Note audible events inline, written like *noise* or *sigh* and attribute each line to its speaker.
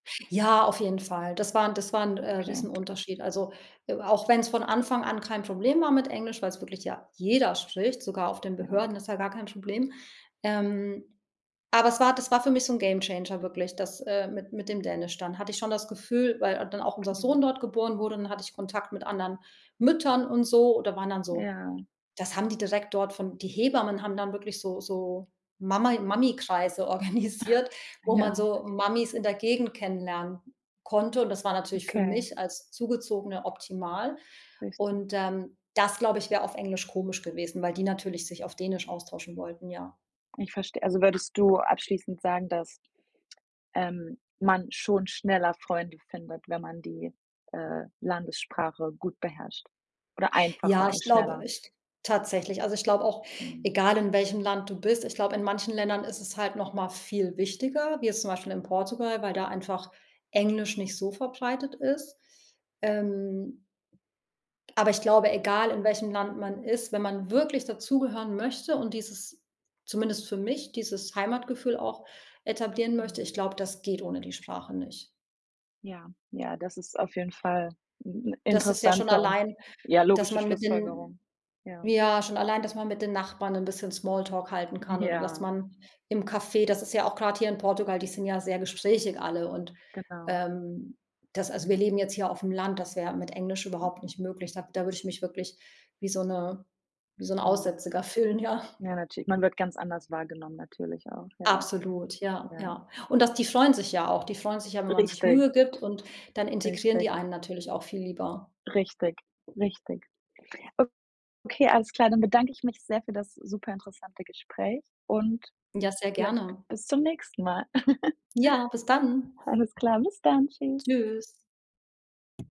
Speaker 1: Ja, auf jeden Fall, das war 'n das war 'n, äh,
Speaker 2: Okay.
Speaker 1: Riesenunterschied, also, e auch wenn's von Anfang an kein Problem war mit Englisch, weil's wirklich ja jeder spricht, sogar auf den
Speaker 2: Ja.
Speaker 1: Behörden, ist ja gar kein Problem, ähm, aber es war das war für mich so 'n Gamechanger wirklich, das, äh, mit mit dem Dänisch dann hatte ich schon das Gefühl, weil dann auch unser
Speaker 2: Okay.
Speaker 1: Sohn dort geboren wurde, dann hatte ich Kontakt mit anderen Müttern und so oder waren dann so
Speaker 2: Ja.
Speaker 1: das haben die direkt dort von die Hebammen haben dann wirklich so so Mama Mami-Kreise organisiert,
Speaker 2: *snorts*
Speaker 1: wo man
Speaker 2: Ja.
Speaker 1: so Mamis in der Gegend kennenlernen konnte, und das war natürlich für
Speaker 2: Okay.
Speaker 1: mich als Zugezogene optimal
Speaker 2: Richtig.
Speaker 1: und, ähm, das, glaube ich, wäre auf Englisch komisch gewesen, weil die natürlich sich auf Dänisch austauschen wollten, ja.
Speaker 2: Ich verstehe, also würdest du abschließend sagen, dass, ähm, man schon schneller Freunde findet, wenn man die, äh, Landessprache gut beherrscht, oder
Speaker 1: Ja,
Speaker 2: einfacher
Speaker 1: ich
Speaker 2: und
Speaker 1: glaube
Speaker 2: schneller?
Speaker 1: ich g tatsächlich, also, ich glaube auch,
Speaker 2: Mhm.
Speaker 1: egal in welchem Land du bist, ich glaube, in manchen Ländern ist es halt noch mal viel wichtiger, wie jetzt zum Beispiel in Portugal, weil da einfach Englisch nicht so verbreitet ist, ähm, aber ich glaube, egal in welchem Land man ist, wenn man wirklich dazugehören möchte und dieses zumindest für mich, dieses Heimatgefühl auch etablieren möchte,
Speaker 2: Mhm.
Speaker 1: ich glaube, das geht ohne die Sprache nicht.
Speaker 2: Ja. Ja, das ist auf jeden Fall 'n 'n
Speaker 1: Das ist ja schon
Speaker 2: interessanter und
Speaker 1: allein,
Speaker 2: ja,
Speaker 1: dass
Speaker 2: logische
Speaker 1: man mit den
Speaker 2: Schlussfolgerung, ja.
Speaker 1: ja, schon allein, dass man mit den Nachbarn 'n bisschen Smalltalk halten kann oder dass
Speaker 2: Ja.
Speaker 1: man im Café das ist ja auch grade hier in Portugal, die sind ja sehr gesprächig alle und,
Speaker 2: Genau.
Speaker 1: ähm, das also wir leben jetzt hier auf'm Land, das wäre mit Englisch überhaupt
Speaker 2: Mhm.
Speaker 1: nicht möglich sage da würde ich mich wirklich wie so 'ne wie so 'n
Speaker 2: Mhm.
Speaker 1: Aussätziger fühlen, ja.
Speaker 2: Ja, natür man wird ganz anders wahrgenommen, natürlich auch, ja,
Speaker 1: Absolut, ja,
Speaker 2: ja.
Speaker 1: ja, und das die freuen sich ja auch, die freuen sich ja, wenn man sich
Speaker 2: Richtig.
Speaker 1: Mühe gibt, und dann integrieren die
Speaker 2: Richtig.
Speaker 1: einen natürlich auch viel lieber.
Speaker 2: Richtig. Richtig. Okay, alles klar, dann bedanke ich mich sehr für das superinteressante Gespräch und
Speaker 1: Ja, sehr
Speaker 2: vielleicht
Speaker 1: gerne.
Speaker 2: bis zum nächsten Mal. *chuckles*
Speaker 1: Ja, bis dann.
Speaker 2: Alles klar, bis dann, tschüss.
Speaker 1: Tschüss.